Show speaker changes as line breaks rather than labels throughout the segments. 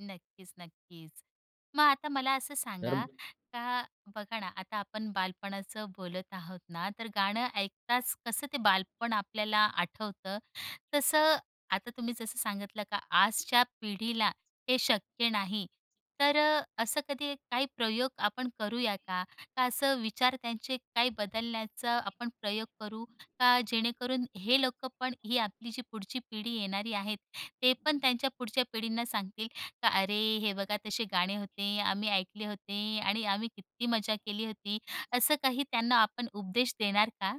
नक्कीच, नक्कीच. मग आता मला असं
तर
सांगा, का बघा ना आता आपण बालपणाचं बोलत आहोत ना, तर गाणं ऐकताच कसं ते बालपण आपल्याला आठवतं, तसं आता तुम्ही जसं सांगितलं का आजच्या पिढीला हे शक्य नाही, तर अ, असं कधी काही प्रयोग आपण करू करूया का? का असं विचार त्यांचे काही बदलण्याचा आपण प्रयोग करू? का जेणेकरून हे लोकंपण ही आपली जी पुढची पिढी येणारी आहेत. ते पण त्यांच्या पुढच्या पिढींना सांगतील का, "अरे, हे बघा तसे गाणे होते, आम्ही ऐकले होते आणि आम्ही किती मजा केली होती." असं काही त्यांना आपण उपदेश देणार का?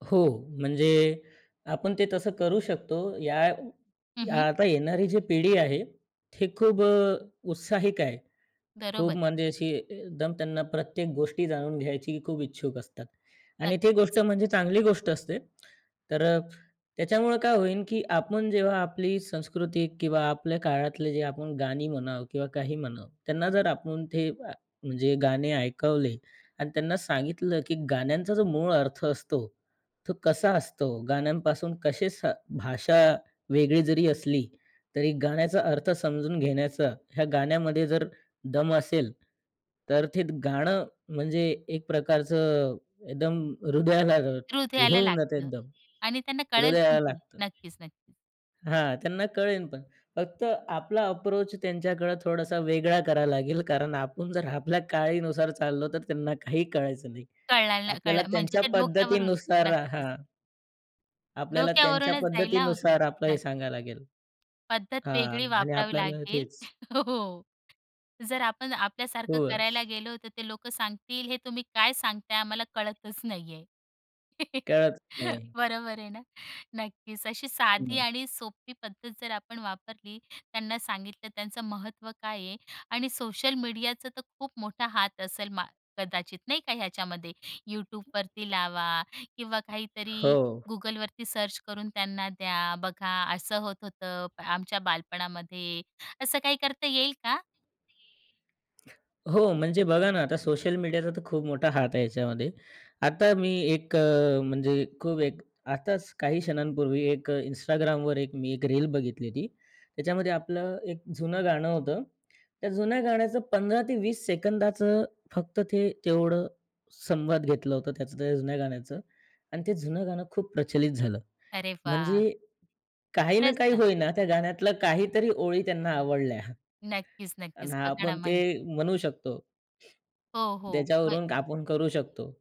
हो, म्हणजे आपण ते तसं करू शकतो. या
हं, हं.
आता येणारी जी पिढी आहे ती खूप अ, उत्साहिक आहे. खूप
बरोबर.
म्हणजे अशी एकदम त्यांना प्रत्येक गोष्टी जाणून घ्यायची खूप इच्छुक असतात आणि ती
नक्कीच.
गोष्ट म्हणजे चांगली गोष्ट असते, तर अ, त्याच्यामुळं काय होईल की आपण जेव्हा आपली संस्कृती किंवा आपल्या काळातले जे आपण गाणी म्हणावं किंवा काही म्हणाव, त्यांना जर आपण ते म्हणजे गाणे ऐकवले आणि त्यांना सांगितलं की गाण्यांचा जो मूळ अर्थ असतो, तो कसा असतो. गाण्यांपासून कसे स भाषा वेगळी जरी असली तरी गाण्याचा अर्थ समजून घेण्याचा ह्या गाण्यामध्ये जर दम असेल, तर ते गाणं म्हणजे एक प्रकारचं एकदम हृदयाला हे
हृदयाला
होऊन जातं,
लागतं
एकदम
आणि त्यांना कळेल पण
हृदयाला
ती.
लागतं
नक्कीच, नक्कीच.
हां, त्यांना कळेल. पण फक्त आपला अप्रोच त्यांच्याकडे थोडासा वेगळा करावा लागेल कारण आपण जर आपल्या काळानुसार चाललो, तर त्यांना काही कळायचं नाही.
कळणार,
आपल्याला
कळणार म्हणजे
त्यांच्या
त्या डोक्यावरून
पद्धतीनुसार
नक्कीच.
हां. आपल्याला त्यांच्या
डोक्यावरूनच जायला होते
पद्धतीनुसार आपलं हे
त्यां
सांगायला लागेल
पद्धत वेगळी
हां. आणि
वापरावी
आपल्याला
लागेल
तेच,
हो जर आपण आपल्यासारखं
हो
करायला
अस
गेलो, तर ते लोकं सांगतील हे तुम्ही काय सांगताय? आम्हाला कळतच नाहीये.
कळत नाही.
बरोबर आहे ना, नक्कीच अशी साधी
हं.
आणि सोपी पद्धत जर आपण वापरली, त्यांना सांगितलं त्यांचं महत्त्व काय आहे आणि सोशल मीडियाचा तर खूप मोठा हात असेल मा कदाचित नाही का ह्याच्यामध्ये Youtubeवरती लावा किंवा
हो.
काहीतरी Googleवरती सर्च करून त्यांना द्या, बघा असं होत होतं. आमच्या बालपणामध्ये असं काही करता येईल का?
हो, म्हणजे बघा ना, आता सोशल मीडियाचा तर खूप मोठा हात आहे याच्यामध्ये. आता मी एक अ, म्हणजे खूप एक आताच काही क्षणांपूर्वी एक Instagramवर एक मी एक रील बघितली होती. त्याच्यामध्ये आपलं एक जुनं गाणं होतं. त्या जुन्या गाण्याचं 15 ते 20 सेकंदाचं फक्त ते तेवढं संवाद घेतलं होतं त्याचं, तर जुन्या गाण्याचं आणि ते जुनं गाणं खूप प्रचलित झालं.
अरे वाह!
म्हणजे काही ना
खरचं
काही
ना.
होईना त्या गाण्यातलं काहीतरी ओळी त्यांना आवडल्या
नक्कीच,
आणि
नक्कीच बघाणा
आपण ते
म्हणजे
म्हणू शकतो.
हो, हो. होय.
त्याच्यावरून आपण करू शकतो.